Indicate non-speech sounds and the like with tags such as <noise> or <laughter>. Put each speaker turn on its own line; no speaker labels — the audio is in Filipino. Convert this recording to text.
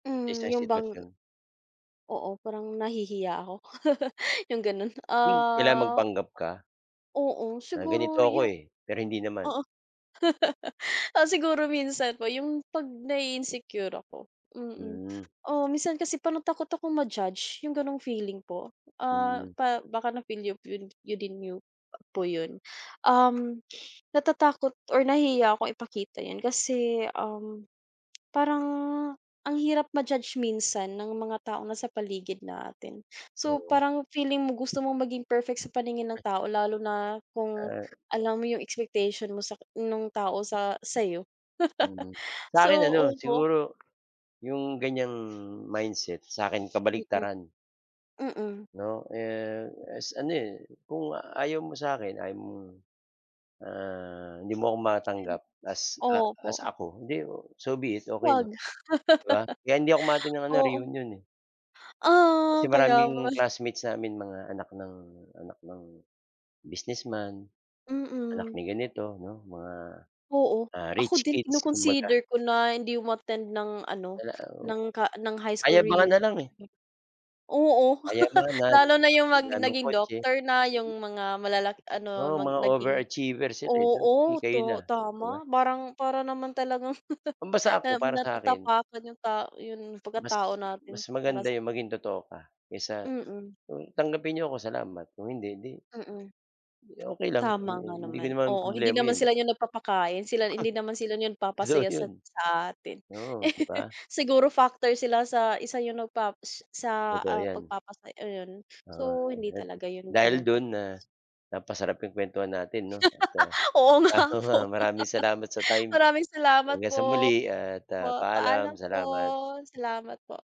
Sa
Hmm
isang
'yung bang
sitwasyon.
Oo, parang nahihiya ako <laughs> 'yung gano'n,
Hmm, kailangan
ah.
magpanggap ka.
Oo
Na ganito
siguro
ako
'yu
eh, pero hindi naman.
oo. <laughs> Ah, siguro minsan po 'yung 'pag nai-insecure ako, mm.
Hmm.
Oh, minsan kasi parang takot ako ma-judge 'yung gano'ng feeling po. Ah,
Hmm.
pa baka na feel yo 'yun yo din niyo po 'yun, um, natatakot or nahihiya akong ipakita 'yan kasi, um, parang ang hirap ma-judge minsan ng mga taong nasa paligid natin. So
Oo.
parang feeling mo gusto mong maging perfect sa paningin ng tao lalo na, kung
Ah.
alam mo 'yung expectation mo sa nung tao sa sa'yo.
Mhm,
<laughs>
sa
So,
akin ano,
opo.
siguro 'yong ganiyang mindset sa akin
Mm,
kabaliktaran.
mm.
'No eh, as ano eh, kung ayaw mo sa akin ayaw mong, ah, hindi mo ako matanggap as ah, as
Opo.
ako, di so be it okey
Huwag,
lang, 'di ba. Kaya hindi ako
<laughs>
umaattend ng ano
oo.
reunion, eh. Kasi
Ah,
maraming
kaya pa
classmates namin mga anak ng anak ng businessman, anak
Mm.
ni ganito 'no, mga
Oo.
ah,
Ako
rich
din
kids kumbaga.
kino-consider ko na hindi umattend ng ano
Wala oh,
ng ka high school
payabangan
reunion.
nalang, eh.
Oo, <laughs>
Kayamanan,
lalo na 'yung mag
pagandahan ng
naging
kotse.
doctor na, 'yung mga malalaki ano
Oo,
mag
mga
naging,
overachievers sila eh, sa sige
oo,
kayo na,
to
'di ba.
tama parang para naman talagang <laughs>
Kumbaga sa ako
na
para sa'kin
natatapakan 'yung tao 'yung
mas
pagkatao natin,
mas
para
maganda
sa
'yong maging totoo ka, kaysa
Mm.
kung tanggapin niyo ako salamat, kung hindi, di
Mm.
di okey lang,
Tama
hmm,
nga
hindi ko
naman,
naman
oo, hindi
problema
naman
'yun.
sila 'yung nagpapakain, sila hindi naman sila 'yung
So
papasaya sa
'yun,
sa atin.
oo 'di
<laughs>
ba?
Siguro factor sila sa isa 'yung nagpa sa
Totoo
ah,
'yan.
pagpapasaya ayun,
Oo,
so hindi
ayan.
talaga 'yun
Dahil
gano'n,
do'n
tapos
na napasarap 'yong kuwentuhan natin 'no,
<laughs>
at ah,
Oo,
ano
nga
nga,
po,
maraming salamat sa
<laughs>
time
maraming salamat
hanggang sa
po.
muli at ah,
Opo, paalam
paalam.
po,
Salamat.
salamat po.